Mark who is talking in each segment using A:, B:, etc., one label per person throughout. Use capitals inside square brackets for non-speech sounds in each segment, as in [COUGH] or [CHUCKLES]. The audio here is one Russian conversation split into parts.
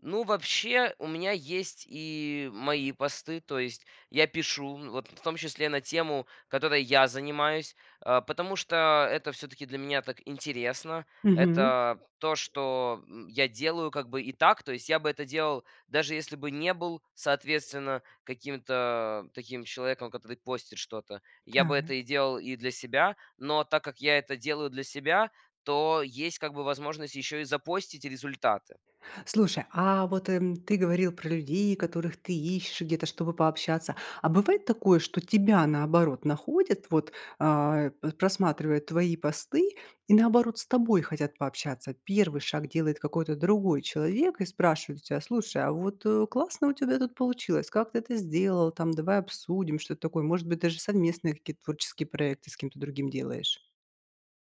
A: Ну, вообще, у меня есть и мои посты. То есть я пишу, м, вот, в том числе на тему, которой я занимаюсь, а, потому что это всё-таки для меня так интересно.
B: Мгм.
A: Это то, что, м, я делаю как бы и так. То есть я бы это делал, даже если бы не был, соответственно, каким-то таким человеком, который постит что-то. Я бы это и
B: Так.
A: делал и для себя. Но так как я это делаю для себя, то есть как бы возможность еще и запостить результаты.
B: Слушай, а вот, эм, ты говорил про людей, которых ты ищешь где-то, чтобы пообщаться. А бывает такое, что тебя, наоборот, находят, вот, а, п просматривая твои посты, и, наоборот, с тобой хотят пообщаться? Первый шаг делает какой-то другой человек, и спрашивает у тя: "Слушай, а вот, э, классно у тебя тут получилось. Как ты это сделал там, давай обсудим?"- что-то такое? Может быть, даже совместные какие-то творческие проекты с кем-то другим делаешь?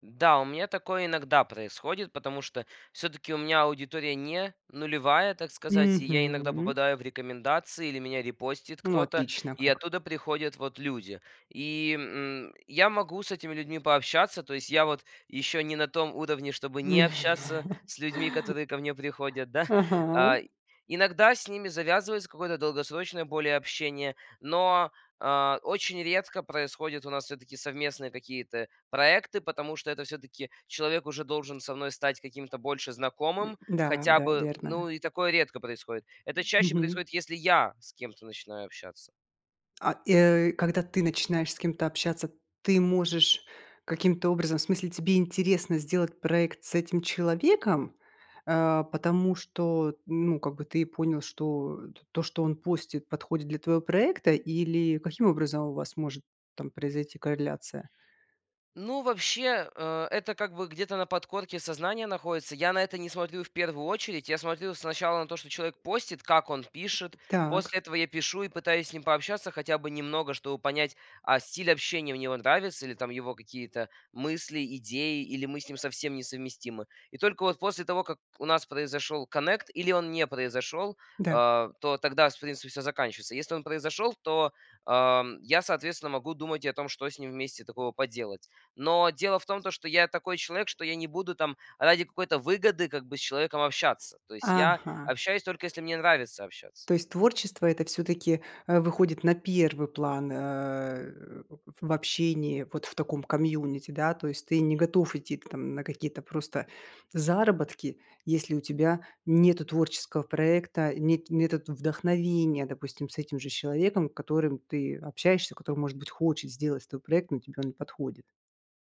A: Да, у меня такое иногда происходит, потому что всё-таки у меня аудитория не нулевая, так сказать, и я иногда
B: Мгм.
A: попадаю в рекомендации, или меня репостит
B: Ну,
A: кто-то.
B: отлично
A: И
B: как.
A: оттуда приходят вот люди. И, м, я могу с этими людьми пообщаться. То есть я вот еще не на том уровне, чтобы не общаться с людьми,
B: [CHUCKLES]
A: которые ко мне приходят, да. [CHUCKLES] А
B: Ага.
A: иногда с ними завязывается какой-то долгосрочное более общение. Но, а, очень редко происходят у нас всё-таки совместные какие-то проекты, потому что это всё-таки человек уже должен со мной стать каким-то больше
B: М,
A: знакомым,
B: да,
A: хотя
B: да,
A: бы, м.
B: верно.
A: Ну и такое редко происходит. Это
B: М.
A: чаще
B: Мгм.
A: происходит, если я с кем-то начинаю общаться.
B: А, и, э, когда ты начинаешь с кем-то общаться, ты можешь каким-то образом в смысле, тебе интересно сделать проект с этим человеком, а, потому что, ну, как бы ты и понял, что то, что он постит, подходит для твоего проекта, или каким образом у вас может там произойти корреляция?
A: Ну, вообще, э, это, как бы, где-то на подкорке сознания находится. Я на это не смотрю в первую очередь. Я смотрю сначала на то, что человек постит, как он пишет.
B: Так.
A: После этого я пишу и пытаюсь с ним пообщаться хотя бы немного, чтобы понять, а, стиль общения у него нравится или там его какие-то мысли, идеи, или мы с ним совсем несовместимы. И только вот после того, как у нас произошел коннект, или он не произошел,
B: Да.
A: а, то тогда, в принципе, всё заканчивается. Если он произошел, то, ам, я, соответственно, могу думать и о том, что с ним вместе такого поделать. Но дело в том, то что я такой человек, что я не буду там ради какой-то выгоды как бы с человеком общаться. То есть я
B: Ага.
A: общаюсь, только если мне нравится общаться.
B: То есть творчество это, всё-таки, а, выходит на первый план, э, в общении, вот в таком комьюнити, да? То есть ты не готов идти там на какие-то просто заработки, если у тебя нету творческого проекта, нет нету в вдохновения, допустим, с этим же человеком, которым ты общаешься, который, может быть, хочет сделать с тобой проект, но тебе он не подходит?